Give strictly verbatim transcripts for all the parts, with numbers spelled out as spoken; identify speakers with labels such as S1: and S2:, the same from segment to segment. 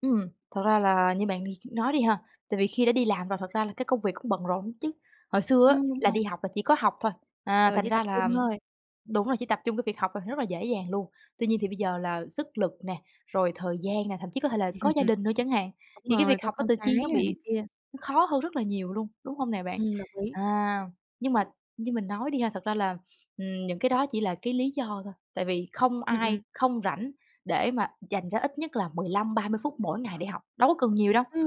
S1: Ừm, thật ra là như bạn đi nói đi ha, tại vì khi đã đi làm rồi thật ra là cái công việc cũng bận rộn ứn chứ, hồi xưa á
S2: Ừm, đúng
S1: là
S2: rồi.
S1: đi học là chỉ có học thôi, à,
S2: Giờ
S1: thành
S2: chỉ tập
S1: ra là
S2: trung thôi.
S1: đúng là chỉ tập trung cái việc học thôi, rất là dễ dàng luôn. Tuy nhiên thì bây giờ là sức lực nè, rồi thời gian nè, thậm chí có thể là có gia đình nữa chẳng hạn,
S2: Đúng
S1: thì cái
S2: rồi,
S1: việc
S2: có
S1: học á
S2: con
S1: tự
S2: cái
S1: nhiên nó
S2: rồi này
S1: bị
S2: kia.
S1: nó khó hơn rất là nhiều luôn, đúng hông nè bạn?
S2: Ừm, đồng ý.
S1: À, nhưng mà như mình nói đi ha, thật ra là, ừm, những cái đó chỉ là cái lý do thôi, tại vì không
S2: Ừm, ừm.
S1: ai không rảnh để mà dành ra ít nhất là mười lăm, ba mươi phút mỗi ngày để học, đâu có cần nhiều đâu.
S2: Ừm.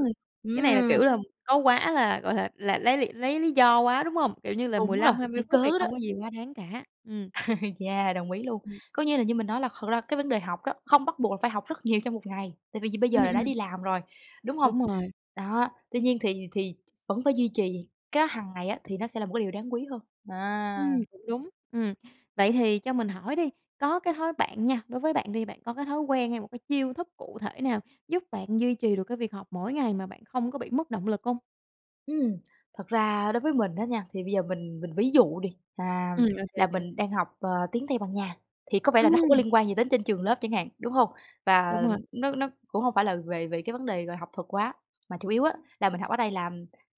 S2: Cái này là, kiểu
S1: Ừm.
S2: là, có quá là gọi là, là lấy lỵ lấy lý do quá, đúng hông? Kiểu như là, mười
S1: Đúng rồi,
S2: lăm, hai mươi
S1: lấy
S2: phút thì
S1: cớ đó.
S2: không có gì quá đáng cả, ừm.
S1: Yeah, đồng ý luôn.
S2: Ừm.
S1: Coi như là như mình nói là thật ra cái vấn đề học đó, không bắt buộc là phải học rất nhiều trong một ngày, tại vì giờ bây
S2: Ừm,
S1: giờ là đã
S2: ừm.
S1: đi làm rồi, đúng hông?
S2: Đúng rồi.
S1: Đó, tuy nhiên thì thì vẫn phải duy trì cái đó hằng ngày á thì nó sẽ là một cái điều đáng quý hơn, à.
S2: Ừm, cũng đúng, ừm. Vậy thì cho mình hỏi đi, có cái thói bạn nha, đối với bạn đi bạn có cái thói quen hay một cái chiêu thức cụ thể nào giúp bạn duy trì được cái việc học mỗi ngày mà bạn không có bị mất động lực hông?
S1: Ừm, thật ra đối với mình á nha, thì bây giờ mình mình ví dụ đi, à,
S2: Ừm, ô kê, ô
S1: là
S2: kê.
S1: mình đang học, ờ, tiếng Tây Ban Nha, thì có vẻ là nó hông có
S2: Ừm.
S1: liên quan gì đến trên trường lớp chẳng hạn, đúng hông? Và
S2: Đúng rồi.
S1: nó nó cũng hông phải là về về cái vấn đề, gọi là, học thuật quá, mà chủ yếu á là mình học ở đây là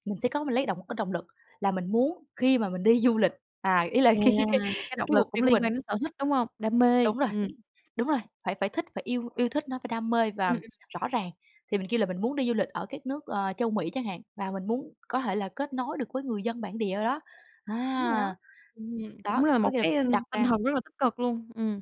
S1: mình sẽ có mình lấy động một cái động lực là mình muốn khi mà mình đi du lịch à, ý là
S2: À,
S1: cái cái
S2: là cái động
S1: cái mục
S2: lực cũng
S1: tiêu của
S2: liên quan
S1: mình.
S2: đến sở thích, đúng hông? Đam mê,
S1: Đúng rồi,
S2: ừm.
S1: đúng rồi, phải phải thích phải yêu yêu thích nó, phải đam mê
S2: Ừm,
S1: và
S2: ừm.
S1: rõ ràng. Thì mình kêu là mình muốn đi du lịch ở các nước, ờ, Châu Mỹ chẳng hạn và mình muốn có thể là kết nối được với người dân bản địa ở đó á,
S2: Đúng rồi đó,
S1: à,
S2: ừm,
S1: đó,
S2: cũng là một
S1: có nghĩa là
S2: cái, a,
S1: đặt
S2: tinh
S1: ra
S2: thần rất là tích cực luôn, ừm.